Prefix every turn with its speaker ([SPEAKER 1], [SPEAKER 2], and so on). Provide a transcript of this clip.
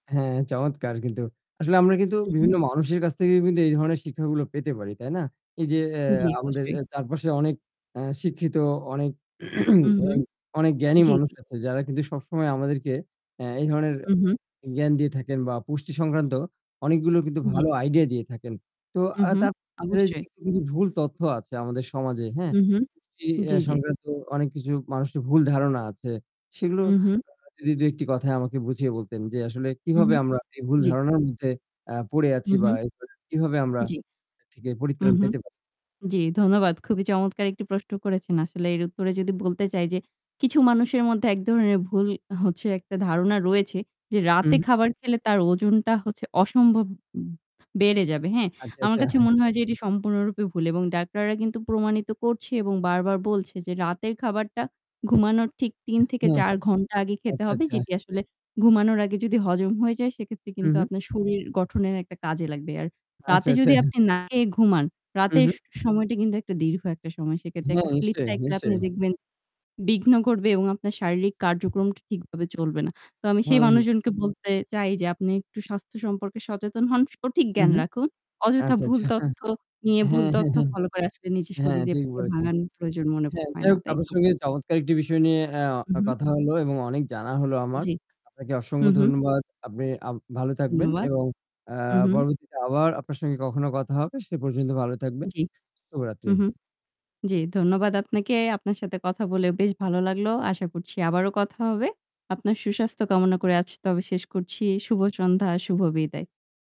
[SPEAKER 1] হ্যাঁ, চমৎকার কিন্তু। আসলে আমরা কিন্তু
[SPEAKER 2] হু, হু।
[SPEAKER 1] বিভিন্ন মানুষের কাছ থেকে কিন্তু এই ধরনের শিক্ষাগুলো পেতে পারি, তাই না? এই যে অ্যা
[SPEAKER 2] জি,
[SPEAKER 1] আমাদের
[SPEAKER 2] অবশ্যই।
[SPEAKER 1] এ চারপাশে অনেক অ্যা শিক্ষিত অনেক
[SPEAKER 2] হু, হু,
[SPEAKER 1] এগ অনেক জ্ঞানী
[SPEAKER 2] জি,
[SPEAKER 1] মানুষ
[SPEAKER 2] জি।
[SPEAKER 1] আছে যারা কিন্তু সবসময় আমাদেরকে অ্যা এই ধরনের
[SPEAKER 2] হু, হু।
[SPEAKER 1] জ্ঞান দিয়ে থাকেন বা পুষ্টি সংক্রান্ত অনেকগুলোর কিন্তু
[SPEAKER 2] জ্বী।
[SPEAKER 1] ভালো আইডিয়া দিয়ে থাকেন। তো আ
[SPEAKER 2] উহুম,
[SPEAKER 1] তার মাঝে
[SPEAKER 2] অবশ্যই।
[SPEAKER 1] কিছু, কিছু ভুল তথ্য আছে আমাদের সমাজে, হ্যাঁ?
[SPEAKER 2] উহুম,
[SPEAKER 1] পুষ্টি অ্যা
[SPEAKER 2] জি, জি।
[SPEAKER 1] সংক্রান্ত অনেক কিছু মানুষের ভুল ধারণা আছে। সেগুলোর আ
[SPEAKER 2] উহুম।
[SPEAKER 1] আ যদি ২-১ টি কথায় আমাকে বুঝিয়ে বলতেন যে আসলে
[SPEAKER 2] হু, হু,
[SPEAKER 1] কিভাবে আমরা এই ভুল
[SPEAKER 2] জি।
[SPEAKER 1] ধারণার মধ্যে আ পড়ে আছি
[SPEAKER 2] হু,
[SPEAKER 1] বা
[SPEAKER 2] হু।
[SPEAKER 1] [unintelligible] কিভাবে আমরা
[SPEAKER 2] জি।
[SPEAKER 1] এর থেকে
[SPEAKER 2] হুম,
[SPEAKER 1] পরিত্রাণ
[SPEAKER 2] হুম।
[SPEAKER 1] পেতে পারি।
[SPEAKER 2] জি, ধন্যবাদ। খুবই চমৎকার একটি প্রশ্ন করেছেন। আসলে এর উত্তরে যদি বলতে চাই যে কিছু মানুষের মধ্যে ১ ধরনের ভুল হচ্ছে একটা ধারণা রয়েছে যে রাতে
[SPEAKER 1] হুম।
[SPEAKER 2] খাবার খেলে তার ওজনটা হচ্ছে অসম্ভব উব বেড়ে যাবে, হ্যাঁ?
[SPEAKER 1] আচ্ছা,
[SPEAKER 2] আমার
[SPEAKER 1] আচ্ছা।
[SPEAKER 2] কাছে
[SPEAKER 1] হ্যাঁ।
[SPEAKER 2] মনে হয় যে এটি সম্পূর্ণরূপে ভুল এবং ডাক্তাররা কিন্তু প্রমাণিত করছে এবং বারবার বলছে যে রাতের খাবারটা ঘুমানোর ঠিক ৩
[SPEAKER 1] অ্যা
[SPEAKER 2] থেকে
[SPEAKER 1] হ্যাঁ।
[SPEAKER 2] ৪ ঘণ্টা আগে খেতে
[SPEAKER 1] আচ্ছা,
[SPEAKER 2] হবে।
[SPEAKER 1] আচ্ছা।
[SPEAKER 2] যেটি আসলে ঘুমানোর আগে যদি হজম হয়ে যায়, সেক্ষেত্রে
[SPEAKER 1] হু,
[SPEAKER 2] কিন্তু
[SPEAKER 1] হু।
[SPEAKER 2] আপনার শরীর গঠনের একটা কাজে লাগবে। আর
[SPEAKER 1] আচ্ছা,
[SPEAKER 2] রাতে
[SPEAKER 1] আচ্ছা।
[SPEAKER 2] যদি আপনি না খেয়ে ঘুমান
[SPEAKER 1] হু,
[SPEAKER 2] রাতের
[SPEAKER 1] হু।
[SPEAKER 2] স সময়টা কিন্তু একটা দীর্ঘ একটা সময়। সেক্ষেত্রে
[SPEAKER 1] হ্যাঁ,
[SPEAKER 2] একটা sleep
[SPEAKER 1] নিশ্চয়ই,
[SPEAKER 2] cycle আপনি
[SPEAKER 1] নিশ্চয়ই।
[SPEAKER 2] দেখবেন বিঘ্ন করবে এবং আপনার শারীরিক কার্যক্রমটা ঠিকভাবে চলবে না। তো আমি সেই
[SPEAKER 1] হ্যাঁ, হুম।
[SPEAKER 2] মানুষজনকে বলতে চাই যে আপনি একটু স্বাস্থ্য সম্পর্কে সচেতন হন, সঠিক
[SPEAKER 1] হু,
[SPEAKER 2] জ্ঞান
[SPEAKER 1] হু।
[SPEAKER 2] রাখুন। অযথা
[SPEAKER 1] আচ্ছা,
[SPEAKER 2] ভুল
[SPEAKER 1] আচ্ছা হ্যাঁ,
[SPEAKER 2] তথ্য নিয়ে ভুল
[SPEAKER 1] হ্যাঁ,
[SPEAKER 2] তথ্য
[SPEAKER 1] হ্যাঁ।
[SPEAKER 2] ফলো করে আসলে নিজের
[SPEAKER 1] হ্যাঁ,
[SPEAKER 2] শরীরে
[SPEAKER 1] ঠিক বলেছেন।
[SPEAKER 2] ভাঙানোর প্রয়োজন মনে
[SPEAKER 1] হ্যাঁ,
[SPEAKER 2] হয়
[SPEAKER 1] যাই
[SPEAKER 2] না।
[SPEAKER 1] হোক
[SPEAKER 2] তাই
[SPEAKER 1] আপনার
[SPEAKER 2] তো?
[SPEAKER 1] সঙ্গে চমৎকার একটি বিষয় নিয়ে অ্যা
[SPEAKER 2] উহুম।
[SPEAKER 1] কথা হলো এবং অনেক জানা হলো আমার।
[SPEAKER 2] জি।
[SPEAKER 1] আপনাকে
[SPEAKER 2] হু,
[SPEAKER 1] অসংখ্য
[SPEAKER 2] হু।
[SPEAKER 1] ধন্যবাদ। আপনে আব ভালো থাকবেন
[SPEAKER 2] ধন্যবাদ।
[SPEAKER 1] এবং অ্যা
[SPEAKER 2] হু, হু।
[SPEAKER 1] পরবর্তীতে আবার আপনার সাথে কখনো কথা হবে সে পর্যন্ত ভালো থাকবেন।
[SPEAKER 2] জি। হুম,
[SPEAKER 1] শুভরাত্রি।
[SPEAKER 2] হুম। জি, ধন্যবাদ আপনাকে। আপনার সাথে কথা বলে বেশ ভালো লাগলো। আশা করছি আবারো কথা হবে। আপনার সুস্বাস্থ্য কামনা করে আজ তবে শেষ করছি। শুভ সন্ধ্যা, শুভ বিদায়।